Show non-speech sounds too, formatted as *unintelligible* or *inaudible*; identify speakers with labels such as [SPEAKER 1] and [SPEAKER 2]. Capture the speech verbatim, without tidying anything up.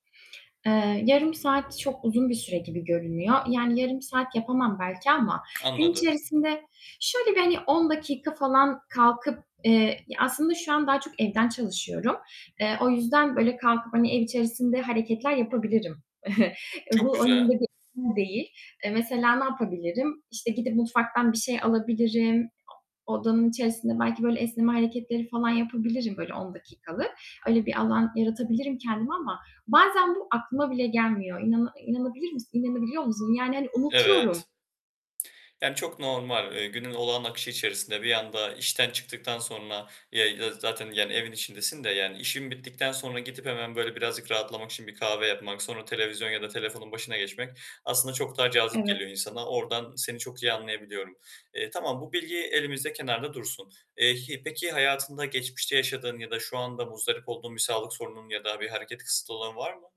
[SPEAKER 1] Eee, yarım saat çok uzun bir süre gibi görünüyor. Yani yarım saat yapamam belki ama gün
[SPEAKER 2] Anladım.
[SPEAKER 1] içerisinde, şöyle, bir hani on dakika falan kalkıp, eee Ya, aslında şu an daha çok evden çalışıyorum. Eee, o yüzden böyle kalkıp hani ev içerisinde hareketler yapabilirim. *chuckles* E, bu
[SPEAKER 2] Çok
[SPEAKER 1] onun
[SPEAKER 2] güzel.
[SPEAKER 1] gibi *unintelligible* değil. Eee, mesela ne yapabilirim? İşte, gidip mutfaktan bir şey alabilirim. Odanın içerisinde belki böyle esneme hareketleri falan yapabilirim, böyle on dakikalık. Öyle bir alan yaratabilirim kendime ama bazen bu aklıma bile gelmiyor. İnana İnanabilir misin? *whistles* İnanabiliyor musun? Yani, hani, unutuyorum.
[SPEAKER 2] Evet. Yani çok normal, eee, günün olağan akışı içerisinde bir anda işten çıktıktan sonra Ya, y zaten yani evin içindesin de, yani, işin bittikten sonra gidip hemen böyle birazcık rahatlamak için bir kahve yapmak, sonra televizyon ya da telefonun başına geçmek aslında çok daha cazip
[SPEAKER 1] Evet.
[SPEAKER 2] geliyor insana. Oradan seni çok iyi anlayabiliyorum. Eee, tamam, bu bilgi elimizde kenarda dursun. Eee, hi peki hayatında geçmişte yaşadığın ya da şu anda muzdarip olduğun bir sağlık sorununun ya da bir hareket kısıtı olan var mı?